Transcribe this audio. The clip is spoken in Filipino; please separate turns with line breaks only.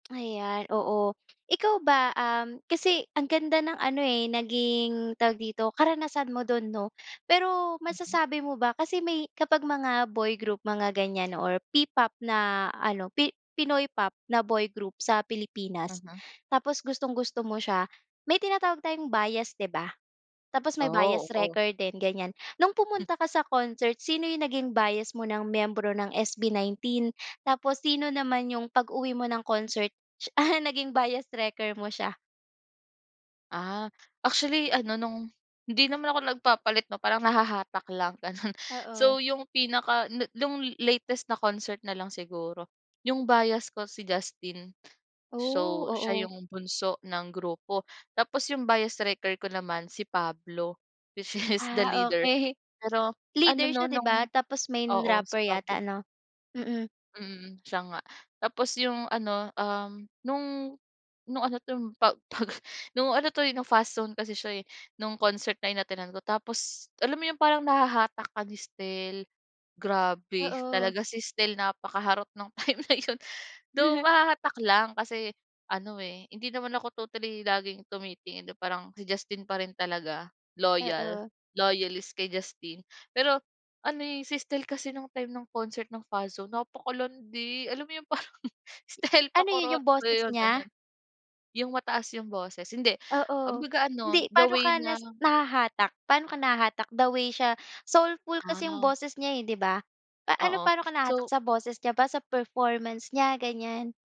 Ayan oo, ikaw ba, um, kasi ang ganda ng ano, eh, naging tawag dito karanasan mo dun no? Pero
Mm.
masasabi mo ba kasi may kapag mga boy group mga ganiyan or P-pop na ano pi Pinoy pop na boy group sa Pilipinas,
Mhm.
tapos gustong-gusto mo siya may tinatawag tayong bias di ba? Tapos may
Oh,
bias
oo.
wrecker din ganiyan, nung
Hmm.
pumunta ka sa concert sino yung naging bias mo ng miyembro ng SB19 tapos sino naman yung pag-uwi mo ng concert, ah, naging biased wrecker mo siya?
Ah, actually ano nung hindi naman ako nagpapalit 'no parang nahahatak lang ganun,
Oo.
so yung pinaka nu nung latest na concert na lang siguro, yung bias ko si Justin,
Oh,
so siya
oo.
yung bunso ng grupo tapos yung bias wrecker ko naman si Pablo, which is the
Ah,
leader,
okey,
pero ano
leader
'no
siya di ba,
nung
tapos main
oo si
rapper
Pablo
yata no? Mm.
mm, siya nga, tapos yung ano, um, nung nung ano to pag pag nung ano 'to, eh, nung Fast Zone kasi siya, eh, nung concert na inatenan ko tapos alam mo yun parang nahahatak ka ni Stell, grabe
Oo.
talaga si Stell napakaharot ng time na yun, though mahahatak lang kasi ano, eh, hindi naman ako totally laging tumitingin hindi parang si Justin pa rin talaga, loyal,
Oo.
loyalist kay Justin, pero ano, eh, si Stell kasi ng time ng concert ng Fast Zone napakalandi alam mo yun parang Stell
Ano yun,
pakurot
yung
so
boses
yung
niya?
ganun. Yung mataas yung boses hindi
Oo,
kumbaga ano
hindi
the
pa'no
way
ka
na
nas nahahatak, pa'no ka nahahatak the way siya soulful kasi yung
Ah.
boses niya, eh, di ba? Pa ano
Oo,
paano ka nahatak
so
sa boses niya ba, sa performance niya, ganiyan?